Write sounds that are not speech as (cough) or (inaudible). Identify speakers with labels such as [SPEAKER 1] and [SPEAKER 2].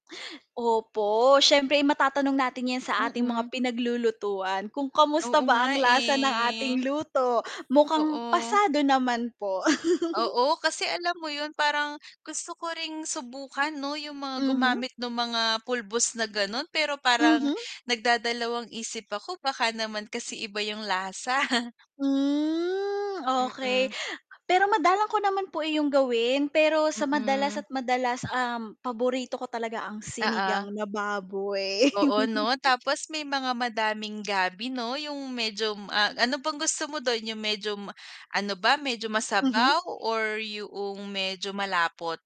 [SPEAKER 1] Opo, siyempre, eh, matatanong natin 'yan sa ating mga
[SPEAKER 2] Mm.
[SPEAKER 1] pinaglulutuan kung kamusta
[SPEAKER 2] Oo
[SPEAKER 1] ba
[SPEAKER 2] nga,
[SPEAKER 1] ang lasa ng
[SPEAKER 2] eh.
[SPEAKER 1] ating luto. Mukhang
[SPEAKER 2] Oo.
[SPEAKER 1] pasado naman po. (chuckles)
[SPEAKER 2] Oo, kasi alam mo 'yon parang gusto ko ring subukan, 'no, 'yong mga
[SPEAKER 1] Mhm.
[SPEAKER 2] gumamit no'ng mga pulbos na gano'n. Pero parang
[SPEAKER 1] Mhm.
[SPEAKER 2] nagdadalawang isip ako baka naman kasi iba 'yong lasa. (chuckles)
[SPEAKER 1] Hmm, okey.
[SPEAKER 2] Mm.
[SPEAKER 1] Pero madalang ko naman po eh iyong gawin pero sa madalas
[SPEAKER 2] Mm.
[SPEAKER 1] at madalas, um, paborito ko talaga ang
[SPEAKER 2] Oo.
[SPEAKER 1] sinigang na baboy.
[SPEAKER 2] Oo, 'no,
[SPEAKER 1] (chuckles)
[SPEAKER 2] tapos may mga madaming gabi, 'no, 'yong medyo, ah, ano bang gusto mo do'n 'yong medyo ma ano ba, medyo
[SPEAKER 1] Mhm.
[SPEAKER 2] masabaw or 'yoong medyo malapot?